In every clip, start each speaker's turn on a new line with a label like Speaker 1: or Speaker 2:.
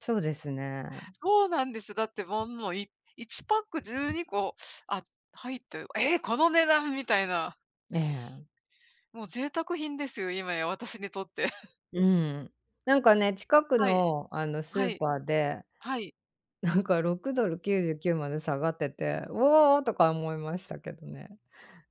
Speaker 1: そうですね。
Speaker 2: そうなんです、だってもんもうい1パック12個、あ、ず入っとゆ「え、この値段！」みたいな。
Speaker 1: ええ。
Speaker 2: もう贅沢品ですよ、今や、私にとって。
Speaker 1: うん、なんかね、近く
Speaker 2: はい。
Speaker 1: のあの
Speaker 2: う
Speaker 1: ス
Speaker 2: は
Speaker 1: ー
Speaker 2: い。
Speaker 1: パーで、
Speaker 2: はい。
Speaker 1: なんか$6.99まで下がってて、「うお！」とか思いましたけどね、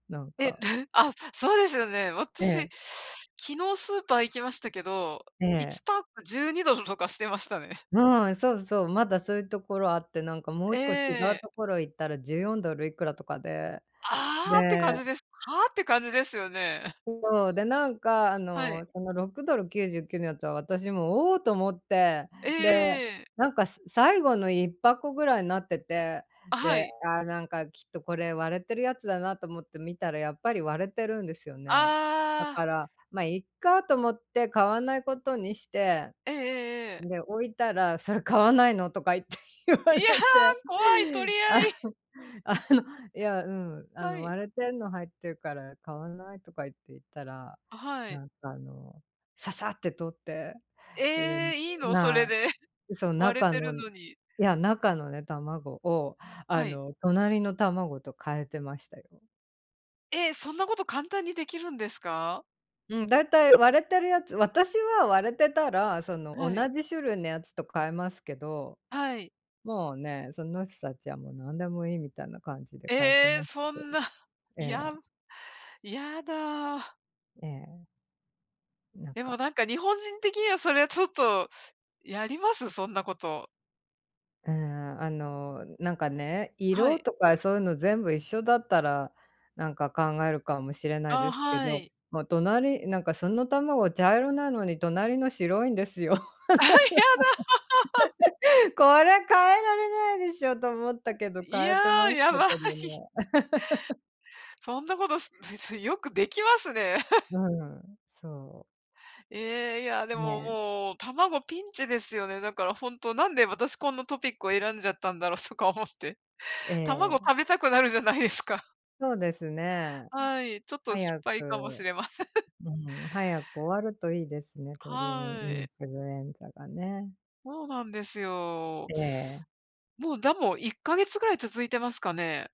Speaker 1: なん
Speaker 2: え、ど
Speaker 1: か。
Speaker 2: ぅふあ、そうですよね、
Speaker 1: え
Speaker 2: 私、
Speaker 1: え。
Speaker 2: 昨日スーパー行きましたけど、
Speaker 1: え
Speaker 2: いち
Speaker 1: え。
Speaker 2: ぱっく$12とかしてましたね。
Speaker 1: うん、そうそう、まだそういうところあって、なんかもう一個違う
Speaker 2: え
Speaker 1: と
Speaker 2: え。
Speaker 1: ころ行ったら$14いくらとかで、
Speaker 2: 「ああ！」って感
Speaker 1: で、ん
Speaker 2: じです。「はあ？」って感じですよね。
Speaker 1: そう、で、なんかあ
Speaker 2: はい。
Speaker 1: の、その$6.99のやつは私も、「おお！」と思って、
Speaker 2: ええ
Speaker 1: で、
Speaker 2: ええ。
Speaker 1: なんかす最後の1箱ぐらいなってて、
Speaker 2: あ、は
Speaker 1: で、
Speaker 2: い。
Speaker 1: ああなんかきっとこれ割れてるやつだなと思って見たらやっぱり割れてるんですよね。だ
Speaker 2: ああ。
Speaker 1: から、「ま、いっか」と思って買わないことにして、
Speaker 2: ええええええ。
Speaker 1: ん、で、置いたら「それ買わないの？」とか言って言わ
Speaker 2: い
Speaker 1: れ
Speaker 2: や、
Speaker 1: て、
Speaker 2: 怖い、取り
Speaker 1: あ
Speaker 2: 合
Speaker 1: ん、
Speaker 2: い。
Speaker 1: あの、いやうん、「あ
Speaker 2: は
Speaker 1: の、
Speaker 2: い。
Speaker 1: 割れてんの入ってるから買わない」とか言って言ったら、
Speaker 2: あ、はい。
Speaker 1: なんかあの、ささって取って、で、
Speaker 2: え、いいの、そ
Speaker 1: まあ、
Speaker 2: れで。
Speaker 1: その
Speaker 2: 割れ
Speaker 1: 中
Speaker 2: てる
Speaker 1: のい
Speaker 2: のに。
Speaker 1: や中のね卵をあ
Speaker 2: はい。
Speaker 1: の隣の卵と変えてましたよ。
Speaker 2: え、そんなこと簡単にできるんですか？
Speaker 1: うん、大体割れてるやつ、私は割れてたら、その、
Speaker 2: はい。
Speaker 1: 同じ種類のやつと変えますけど、
Speaker 2: はい。
Speaker 1: もうね、その人たちはもう何でもいいみたいな感じで変えて
Speaker 2: え、
Speaker 1: ました
Speaker 2: そ
Speaker 1: けど。
Speaker 2: んな、
Speaker 1: え
Speaker 2: や
Speaker 1: え。
Speaker 2: むやだ。
Speaker 1: ええ。なん
Speaker 2: でも
Speaker 1: か
Speaker 2: なんか日本人的にはそれはちょっとやります？そんなこと。
Speaker 1: うーん、あの、なんかね、
Speaker 2: は
Speaker 1: 色
Speaker 2: い。
Speaker 1: とかそういうの全部一緒だったら、なんか考えるかもしれない
Speaker 2: あ、
Speaker 1: ですけ
Speaker 2: は
Speaker 1: ど、
Speaker 2: い。
Speaker 1: もう隣、なんかその卵茶色なのに隣の白いんですよ。
Speaker 2: あ、やだ。
Speaker 1: 「これ変えられないでしょ」と思ったけ ど、
Speaker 2: い
Speaker 1: 変
Speaker 2: や、
Speaker 1: えてまし
Speaker 2: や
Speaker 1: たけ
Speaker 2: ばい。
Speaker 1: どね。
Speaker 2: そんなことすずずいよくできますね。
Speaker 1: う ん、そう。
Speaker 2: え、いや、でも、
Speaker 1: ね。
Speaker 2: もう卵ピンチですよね。だからほんとなんで私こんなトピックを選んじゃったんだろうとか思って。
Speaker 1: え
Speaker 2: 卵
Speaker 1: え。
Speaker 2: 食べたくなるじゃないですか。
Speaker 1: そうですね。うん。
Speaker 2: はい、ちょっと失
Speaker 1: 早
Speaker 2: 敗かもし
Speaker 1: く
Speaker 2: れません。
Speaker 1: うん、早く終わるといいですね、鳥、うん、
Speaker 2: は
Speaker 1: イ
Speaker 2: い。
Speaker 1: ンフルエンザがね。
Speaker 2: そうなんですよ。
Speaker 1: ええ。
Speaker 2: もうだも1ヶ月ぐらい続いてますかね。